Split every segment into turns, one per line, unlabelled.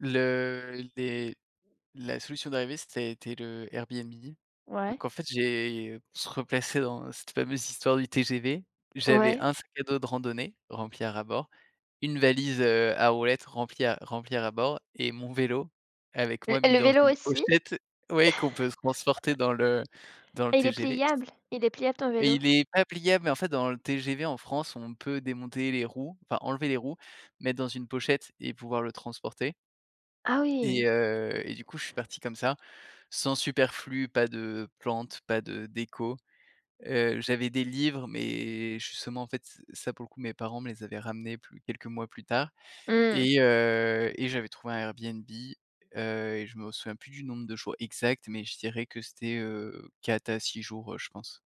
Le les la solution d'arrivée, ça a été le Airbnb. Donc
Ouais.
en fait, j'ai pour se replacer dans cette fameuse histoire du TGV, j'avais
Ouais.
un sac à dos de randonnée rempli à ras bord, une valise, heu, à roulettes remplie à remplie à ras bord et mon vélo avec
L
moi, mis
le
dans
vélo
une
aussi?
pochette, oui, qu'on peut se transporter dans le dans le
Ah, il est
TGV.
pliable? Il est pliable, ton vélo?
Il est pas pliable, mais en fait, dans le TGV en France, on peut démonter les roues, enfin, enlever les roues, mettre dans une pochette et pouvoir le transporter
Ah,
et
oui.
heu, et du coup, je suis parti comme ça, sans superflu, pas de plantes, pas de déco. Heu, j'avais des livres mais justement, en fait, ce ça, pour le coup, mes parents me les avaient ramenés plus quelques mois plus tard
Mmh.
et heu, et j'avais trouvé un Airbnb, heu et je me souviens plus du nombre de jours exact, mais je dirais que c'était, heu, 4 à 6 jours, heu, je pense.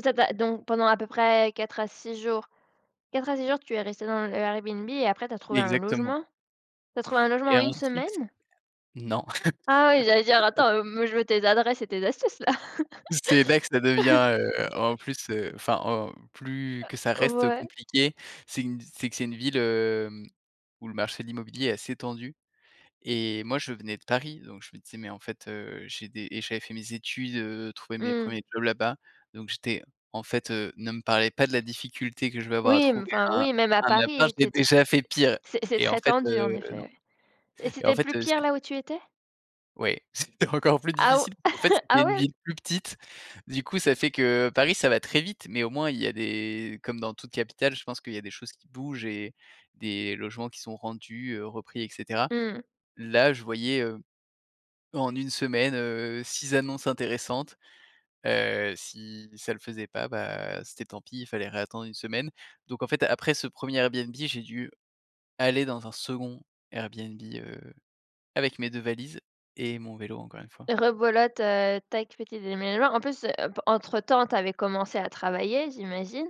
Tu as pas donc pendant à peu près 4 à 6 jours 4 à 6 jours, tu es resté dans le Airbnb et après, tu as trouvé un
Exactement
logement? Tu as trouvé un logement en
et
1
ensuite
semaine?
non.
Ah ouais, j'allais dire: «Attends, heu, me je veux tes adresses et tes astuces, là».
C'est là que ça devient, heu, en plus, heu, enfin, en plus que ça
Heu,
reste
ouais.
compliqué, c'est gu c'est que c'est une ville, hem, où le marché de l'immobilier est assez tendu et moi, je venais de Paris, donc je me disais: «Mais en fait, heu, j'ai des» et j'avais fait mes études, heu, trouver mes
Mmh.
1ers jobs là-bas. Donc j'étais: «En fait, heu, ne me parlez pas de la difficulté que je vais avoir à
Oui, mmh,
trouver
enfin,
un
oui, même à
un appart,
Paris,
j'ai
tu sais.
déjà fait pire»
C'est c'est
et en
très
fait, heu,
tendu, en effet,
non.
ouais. Et
Et en
c'était
fait,
plus
heu,
pire,
c'é
là où tu étais?
oui, c'était encore plus
Ah ou
difficile. En fait, c'était
ah
une
ouais?
ville plus petite, du coup ça fait que Paris, ça va très vite mais, au moins, il y a des comme dans toute capitale, je pense qu'il y a des choses qui bougent et des logements qui sont rendus, heu, repris, et cetera.
Mmh.
Là, je voyais, heu, en 1 semaine, heu, 6 annonces intéressantes, heu, si ça le faisait pas, bah, c'était tant pis, fallait réattendre 1 semaine. Donc en fait, après ce 1er Airbnb, j'ai dû aller dans un second Airbnb, heu, avec mes 2 valises et mon vélo, encore 1 fois.
Rebelote, heu, tac, petit déménagement, en plus, heu, pe entre-temps, tu avais commencé à travailler, j'imagine?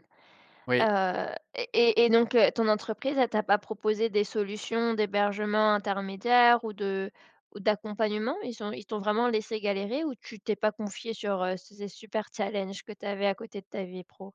Oui.
Heu, et et et donc, heu, ton entreprise, elle t'a pas proposé des solutions d'hébergement intermédiaires ou de ou d'accompagnement? Ils ont ils t'ont vraiment laissé galérer ou tu t'es pas confié sur, heu, ces ess super challenges que tu avais à côté de ta vie pro?